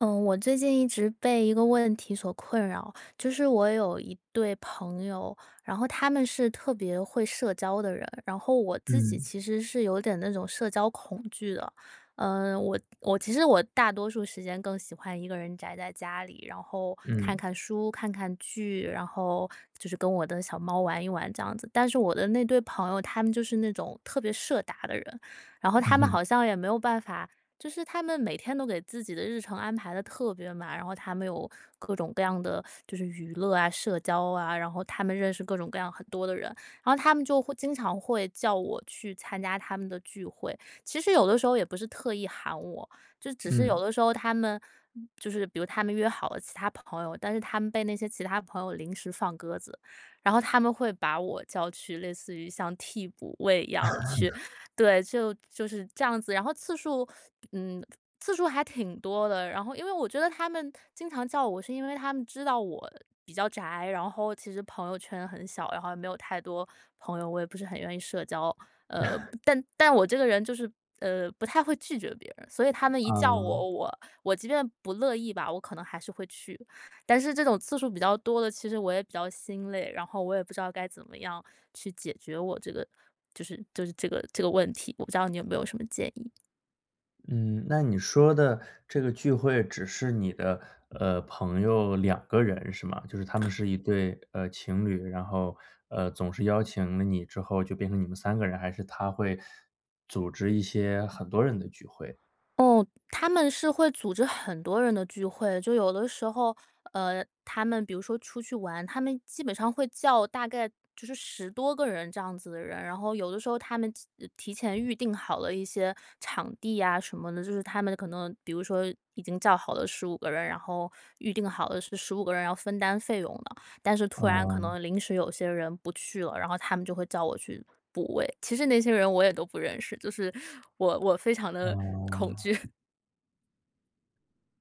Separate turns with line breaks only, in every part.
呃，我最近一直被一个问题所困扰，就是我有一对朋友，然后他们是特别会社交的人，然后我自己
嗯。
其实是有点那种社交恐惧的。呃，我我其实我大多数时间更喜欢一个人宅在家里，然后看
嗯。
看书、看看剧，然后就是跟我的小猫玩一玩这样子。但是我的那对朋友，他们就是那种特别社达的人，然后
嗯
他们
哼。
好像也没有办法就是他们每天都给自己的日程安排得特别满，然后他们有各种各样的就是娱乐啊、社交啊。然后他们认识各种各样很多的人，然后他们就会经常会叫我去参加他们的聚会。其实有的时候也不是特意喊我，就只是有
嗯。
的时候他们就是比如他们约好了其他朋友，但是他们被那些其他朋友临时放鸽子，然后他们会把我叫去类似于像替补位一样地去 对，就就是这样子，然后次数 嗯，次数还挺多的。然后因为我觉得他们经常叫我，是因为他们知道我呃，比较宅，然后其实朋友圈很小，然后也没有太多朋友，我也不是很愿意社交，呃，但但我这个人就是呃，不太会拒绝别人。所以他们一叫
嗯。
我，我我即便不乐意吧，我可能还是会去。但是这种次数比较多了，其实我也比较心累，然后我也不知道该怎么样去解决我这个就是就是这个这个问题，我不知道你有没有什么建议？
嗯，那你说的这个聚会，只是你的，呃，朋友2个人是吗？就是他们是一对呃，情侣。然后，呃，总是邀请了你之后，就变成你们3个人，还是他会，组织一些很多人的聚会。
哦，他们是会组织很多人的聚会，就有的时候，呃，他们比如说出去玩，他们基本上会叫大概就是10多个人这样子的人。然后有的时候，他们提前预定好了一些场地呀什么的，就是他们可能比如说已经叫好的15个人，然后 预定好的是15个人要分担费用的，但是突然可
嗯。
能临时有些人不去了，然后他们就会叫我去补位。其实那些人我也都不认识，就是我我非常地恐
哦。
惧。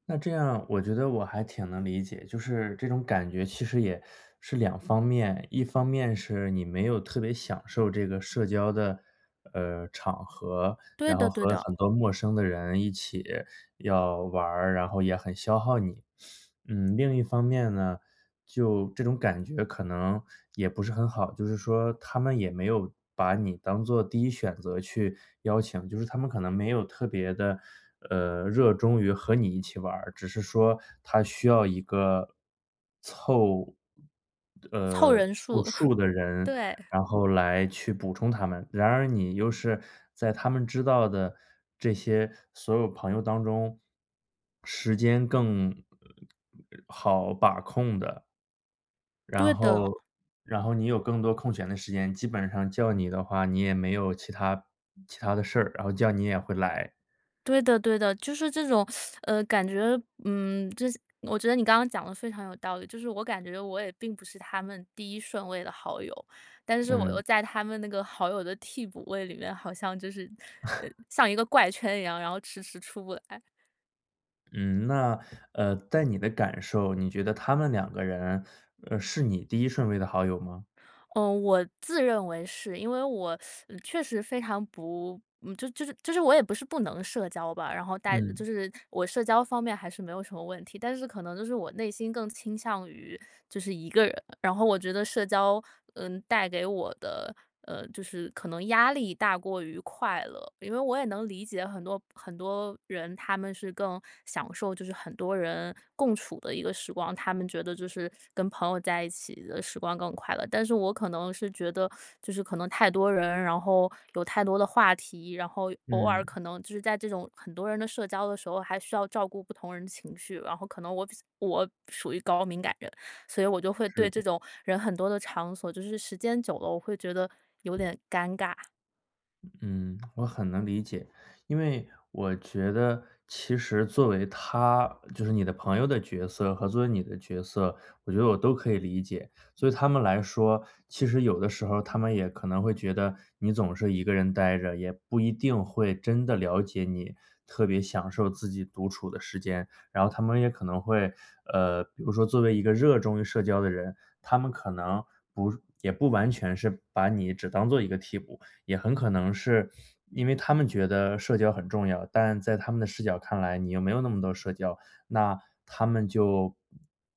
那这样我觉得我还挺能理解，就是这种感觉其实也是两方面，一方面是你没有特别享受这个社交的，呃，场合，
对
然后
的对
和
的。
很多陌生的人一起要玩儿，然后也很消耗你。嗯，另一方面呢，就这种感觉可能也不是很好，就是说他们也没有把你当做第1选择去邀请，就是他们可能没有特别地，呃，热衷于和你一起玩儿，只是说他需要一个，凑
凑
呃，
人
凑
数，
数的人，
对。
然后来去补充他们。然而你又是在他们知道的这些所有朋友当中，时间更好把控的然
对的。
后然后你有更多空闲的时间，基本上叫你的话，你也没有其它其它的事儿，然后叫你也会来。
对的对的，就是这种，呃，感觉嗯，就是我觉得你刚刚讲得非常有道理。就是我感觉我也并不是他们第1顺位的好友，但是我又
嗯。
在他们那个好友的替补位里面，好像就是呃，像一个怪圈一样，然后迟迟出不来。
嗯，那，呃，在你的感受，你觉得他们两个人，呃，是你第1顺位的好友吗？
嗯，我自认为是，因为我 确实非常不就是就是就是我也不是不能社交吧，然后待
嗯。
就是我社交方面还是没有什么问题。但是可能就是我内心更倾向于就是一个人。然后我觉得社交，嗯，带给我的，嗯，就是可能压力大过于快乐。因为我也能理解很多很多人，他们是更享受就是很多人共处的一个时光，他们觉得就是跟朋友在一起的时光更快乐。但是我可能是觉得，就是可能太多人，然后有太多的话题，然后偶尔
嗯。
可能就是在这种很多人的社交的时候，还需要照顾不同人的情绪，然后可能我比较我属于高敏感人，所以我就会
是
对这
的。
种人很多的场所，就是时间久了，我会觉得有点尴尬。
嗯，我很能理解，因为我觉得其实作为他就是你的朋友的角色和作为你的角色，我觉得我都可以理解。对他们来说，其实有的时候，他们也可能会觉得你总是一个人呆着，也不一定会真的了解你特别享受自己独处的时间。然后他们也可能会，呃，比如说作为一个热衷于社交的人，他们可能不也不完全是把你只当作一个替补，也很可能是，因为他们觉得社交很重要，但在他们的视角看来，你又没有那么多社交，那他们就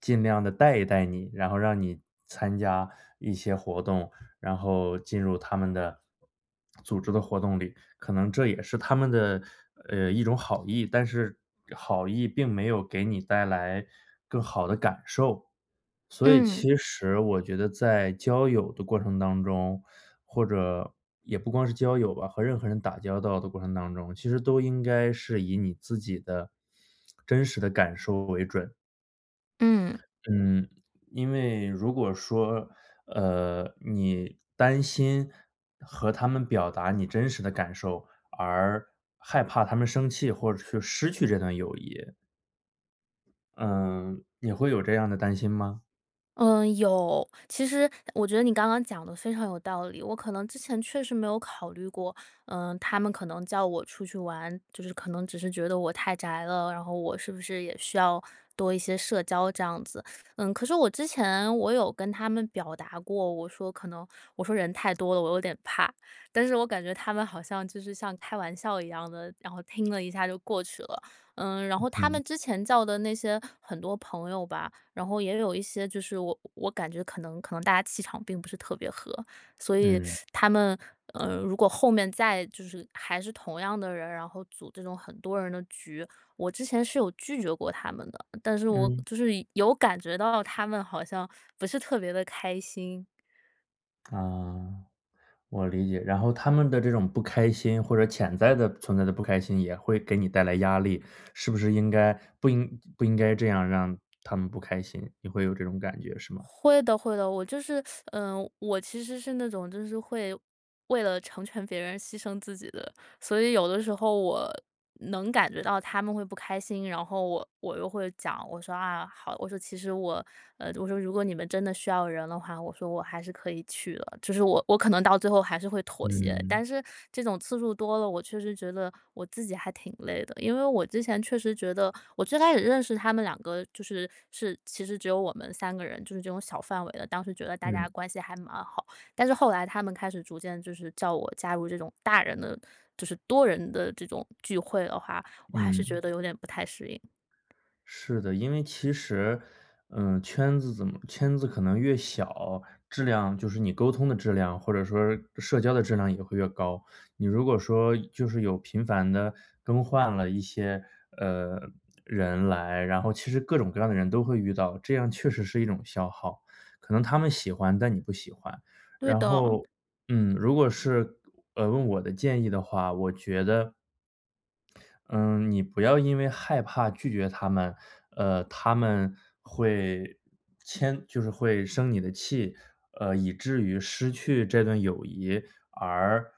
尽量地带一带你，然后让你参加一些活动，然后进入他们的，组织的活动里。可能这也是他们的，呃，一种好意，但是好意并没有给你带来更好的感受。所以
嗯。
其实我觉得在交友的过程当中，或者也不光是交友吧，和任何人打交道的过程当中，其实都应该是以你自己的真实的感受为准。
嗯。
嗯，因为如果说，呃，你担心和他们表达你真实的感受，而害怕他们生气或者是失去这段友谊。嗯，也会有这样的担心吗？
嗯，有。其实我觉得你刚刚讲得非常有道理，我可能之前确实没有考虑过，呃，他们可能叫我出去玩，就是可能只是觉得我太宅了。然后我是不是也需要多一些社交这样子。嗯，可是我之前我有跟他们表达过，我说可能我说人太多了，我有点怕。但是我感觉他们好像就是像开玩笑一样的，然后听了一下就过去了。嗯，然
嗯
后他
哼。
们之前叫的那些很多朋友吧，然后也有一些，就是我我感觉可能可能大家气场并不是特别合。所以
嗯。
他们，呃，如果后面再就是还是同样的人，然后组这种很多人的局我之前是有拒绝过他们的，但是我
嗯。
就是有感觉到了他们好像不是特别地开心。
啊。我理解，然后他们的这种不开心或者潜在地存在的不开心，也会给你带来压力。是不是应该不应不应该这样让他们不开心，你会有这种感觉是吗？
会的会的，我就是 呃，我其实是那种就是会，为了成全别人牺牲自己的。所以有的时候我能感觉到他们会不开心，然后我我又会讲，我说“啊！好”，我说“其实我“，我说”如果你们真的需要人的话我说我还是可以去的“，就是我我可能到最后还是会妥协。
嗯。
但是这种次数多了，我确实觉得我自己还挺累的。因为我之前确实觉得我最开始认识他们2个就是是其实只有我们3个人，就是这种小范围的。当时觉得大家
嗯。
关系还蛮好，但是后来他们开始逐渐就是叫我加入这种大人的就是多人的这种聚会的话，我还是
嗯。
觉得有点不太适应。
是的，因为其实，嗯，圈子怎么圈子可能越小，质量就是你沟通的质量，或者说社交的质量也会越高。你如果说就是有频繁地更换了一些，呃，人来，然后其实各种各样的人都会遇到，这样确实是一种消耗。可能他们喜欢，但你不喜欢。
对
然
的。
后，嗯，如果是，呃，问我的建议的话，我觉得嗯，你不要因为害怕拒绝他们，呃，他们会迁就是会生你的气，呃，以至于失去这段友谊而不去拒绝。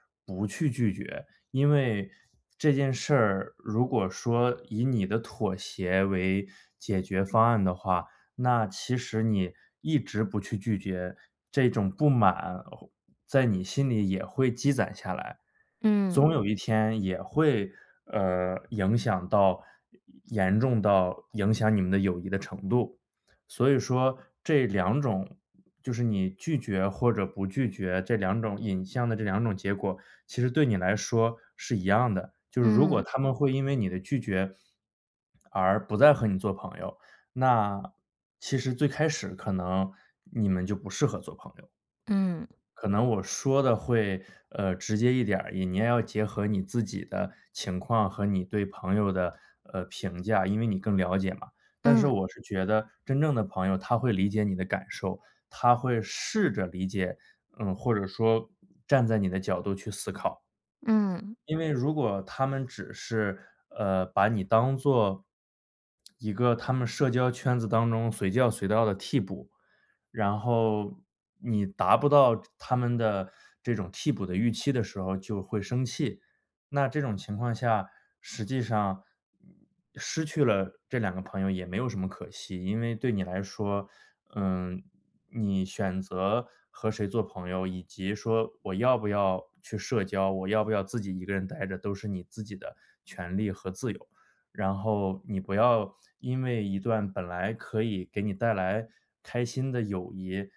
因为这件事儿如果说以你的妥协为解决方案的话，那其实你一直不去拒绝这种不满，在你心里也会积攒下来。
嗯。
总有一天也会，呃，影响到严严重到影响你们的友谊的程度。所以说这2种，就是你拒绝或者不拒绝这2种引向的这2种结果，其实对你来说是一样的。就是如果
嗯。
他们会因为你的拒绝 而不再和你做朋友，那其实最开始可能你们就不适合做朋友。
嗯。
可能我说的会，呃，直接一点儿，你你也要结合你自己的情况和你对朋友的，呃，评价因为你更了解嘛。但是
嗯。
我是觉得真正的朋友他会理解你的感受，他会试着理解，呃，或者说站在你的角度去思考。
嗯。
因为如果他们只是，呃，把你当作一个他们社交圈子当中随叫随到的替补，然后你达不到他们的这种替补的预期的时候就会生气，那这种情况下，实际上，嗯，失去了这两个朋友也没有什么可惜。因为对你来说，嗯，你选择和谁做朋友，以及说我要不要去社交、我要不要自己一个人呆着，都是你自己的权利和自由。然后你不要因为一段本来可以给你带来开心的友谊，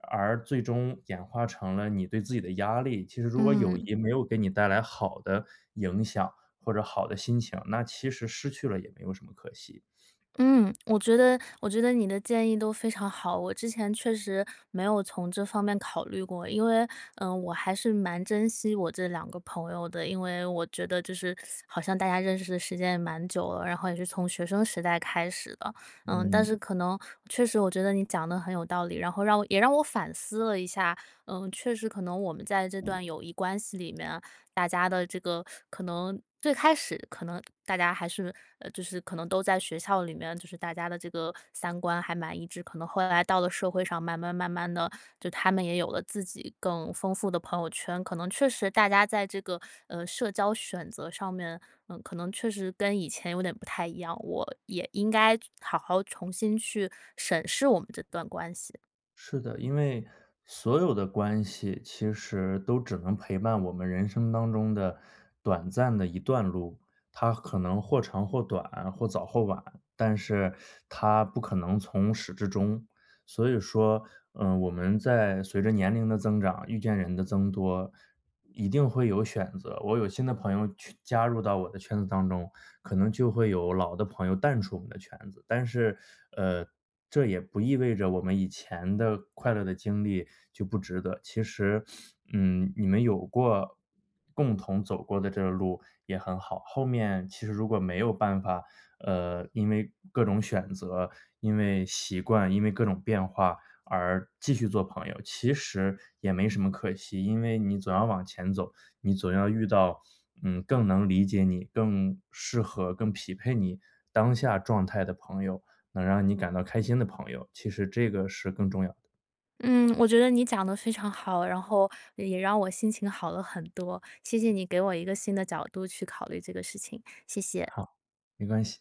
而最终演化成了你对自己的压力。其实如果友
嗯。
谊没有给你带来好的影响或者好的心情，那其实失去了也没有什么可惜。
嗯，我觉得我觉得你的建议都非常好，我之前确实没有从这方面考虑过。因为，呃，我还是蛮珍惜我这两个朋友的，因为我觉得就是 好像大家认识的时间也蛮久了，然后也是从学生时代开始的。呃，但是
嗯。
可能确实我觉得你讲得很有道理，然后让我也让我反思了一下，呃，确实可能我们在这段友谊关系里面，大家的这个，可能最开始可能大家还是，呃，就是可能都在学校里面，就是大家的这个三观还蛮一致。可能后来到了社会上，慢慢慢慢地，就他们也有了自己更丰富的朋友圈，可能确实大家在这个，呃，社交选择上面，嗯，可能确实跟以前有点不太一样，我也应该好好重新去审视我们这段关系。
是的，因为所有的关系其实都只能陪伴我们人生当中的短暂的一段路。它可能或长或短、或早或晚，但是它不可能从始至终。所以说，呃，我们在随着年龄的增长、遇见人的增多，一定会有选择。我有新的朋友去加入到我的圈子当中，可能就会有老的朋友淡出我们的圈子。但是，呃，这也不意味着我们以前的快乐的经历就不值得。其实，嗯，你们有过共同走过的这个路也很好，后面其实如果没有办法，呃，因为各种选择、因为习惯、因为各种变化而继续做朋友，其实也没什么可惜。因为你总要往前走，你总要遇到，嗯，更能理解你、更适合、更匹配你当下状态的朋友，能让你感到开心的朋友，其实这个是更重要的。
嗯，我觉得你讲得非常好，然后也让我心情好了很多，谢谢你给我一个新的角度去考虑这个事情，谢谢。
好，没关系。